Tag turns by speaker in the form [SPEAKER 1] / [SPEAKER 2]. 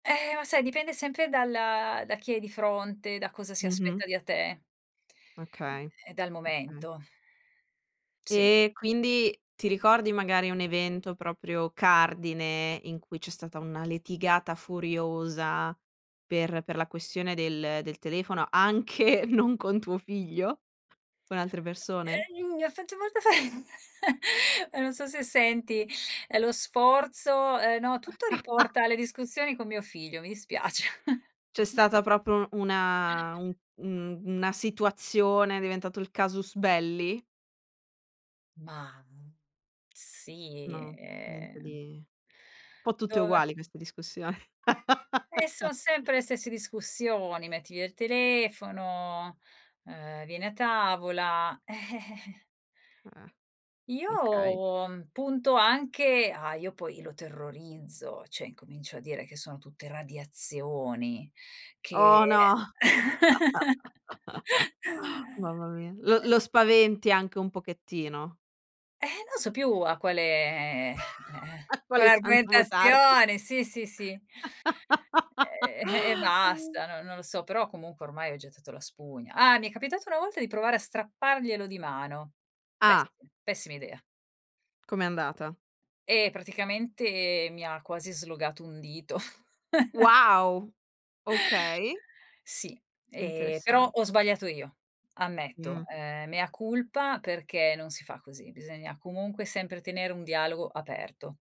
[SPEAKER 1] Eh, ma sai dipende sempre dal da chi hai di fronte, da cosa si
[SPEAKER 2] Mh-mh.
[SPEAKER 1] aspetta di a te.
[SPEAKER 2] Okay,
[SPEAKER 1] E dal
[SPEAKER 2] okay.
[SPEAKER 1] momento. Sì.
[SPEAKER 2] E quindi ti ricordi magari un evento, proprio cardine, in cui c'è stata una litigata furiosa per per la questione del del telefono, anche non con tuo figlio? Con altre persone?
[SPEAKER 1] Eh i uhm, ho fatto molta fa eh, non so se senti, ehm, lo sforzo, ehm, no, tutto riporta alle discussioni con mio figlio, mi dispiace.
[SPEAKER 2] C'è stata proprio una un mhmm, una situazione, è diventato il casus belli?
[SPEAKER 1] Mah, sì,
[SPEAKER 2] No, niente
[SPEAKER 1] ehm
[SPEAKER 2] di un po' tutte
[SPEAKER 1] Dove
[SPEAKER 2] uguali queste discussioni.
[SPEAKER 1] E son sempre le stesse discussioni: metti via il telefono, ehm, vieni a tavola. Eh.
[SPEAKER 2] Eh. Okay.
[SPEAKER 1] Io punto anche ah, io poi lo terrorizzo, cioè incomincio a dire che sono tutte radiazioni che
[SPEAKER 2] Oh no. Mamma mia. Lo lo
[SPEAKER 1] [unintelligible]
[SPEAKER 2] spaventi anche un pochettino.
[SPEAKER 1] Eh, non so più a quale, ehm,
[SPEAKER 2] A
[SPEAKER 1] quale
[SPEAKER 2] quale santo votarti.
[SPEAKER 1] argomentazione sì, sì, sì. Ehm, e basta, no non lo so, però comunque ormai ho gettato la spugna. Ah, mi è capitato una volta di provare a strapparglielo di mano. Pessi
[SPEAKER 2] Ah.
[SPEAKER 1] pessima idea.
[SPEAKER 2] Come è andata?
[SPEAKER 1] Eh, praticamente mi ha quasi slogato un dito.
[SPEAKER 2] Wow, okay.
[SPEAKER 1] Sì, ehm, però
[SPEAKER 2] Interessan
[SPEAKER 1] ho sbagliato io, ammetto,
[SPEAKER 2] Mh.
[SPEAKER 1] ehm, mea culpa, perché non si fa così, bisogna comunque sempre tenere un dialogo aperto.